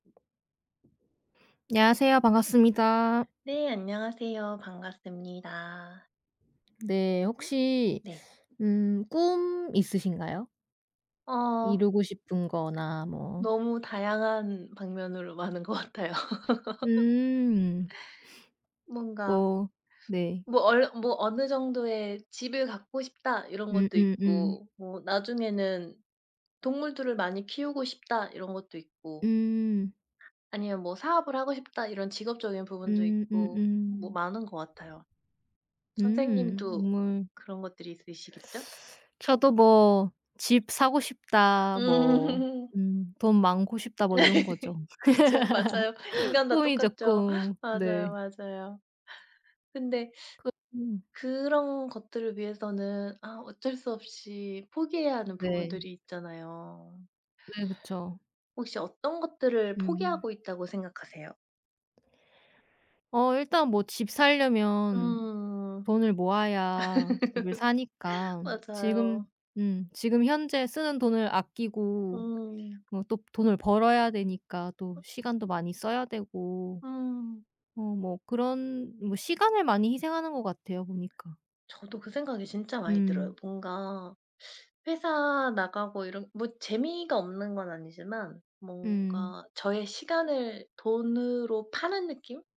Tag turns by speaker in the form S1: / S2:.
S1: 안녕하세요. 반갑습니다.
S2: 네. 안녕하세요. 반갑습니다.
S1: 네. 혹시
S2: 네.
S1: 음 꿈 있으신가요?
S2: 어.
S1: 이루고 싶은 거나 뭐.
S2: 너무 다양한 방면으로 많은 것 같아요.
S1: 음.
S2: 뭔가
S1: 뭐 네.
S2: 뭐 얼르 뭐 '어느 정도의 집을 갖고 싶다.' 이런 것도
S1: 음음음.
S2: 있고 뭐 '나중에는 동물들을 많이 키우고 싶다.' 이런 것도 있고
S1: 음.
S2: 아니면 뭐 '사업을 하고 싶다.' 이런 직업적인 부분도
S1: 음.
S2: 있고 뭐
S1: 음음.
S2: 많은 것 같아요.
S1: 음.
S2: 선생님도
S1: 물
S2: 그런 것들이 있으시겠죠?
S1: 저도 뭐 '집 사고 싶다.' 뭐
S2: 음.
S1: 음 '돈 많고 싶다.' 뭐 이런 거죠.
S2: 그쵸. 맞아요. 인간 다
S1: 꿈이죠
S2: 똑같죠.
S1: 꿈.
S2: 맞아요,
S1: 네.
S2: 맞아요. 근데
S1: 그 음.
S2: 그런 것들을 위해서는 아 어쩔 수 없이 포기해야 하는
S1: 네.
S2: 부분들이 있잖아요.
S1: 네. 그쵸.
S2: 혹시 어떤 것들을
S1: 음.
S2: 포기하고 있다고 생각하세요?
S1: 어 일단 뭐 집 사려면
S2: 음.
S1: 돈을 모아야 집을 사니까 지금
S2: 맞아요.
S1: 음 지금 현재 쓰는 돈을 아끼고
S2: 음.
S1: 뭐 또 돈을 벌어야 되니까 또
S2: 어.
S1: 시간도 많이 써야 되고
S2: 음.
S1: 어 뭐 그런 뭐 시간을 많이 희생하는 것 같아요 보니까.
S2: 저도 그 생각이 진짜 많이
S1: 음.
S2: 들어요. 뭔가 회사 나가고 이런 뭐 재미가 없는 건 아니지만
S1: 음.
S2: 뭔가 저의 시간을 돈으로 파는 느낌?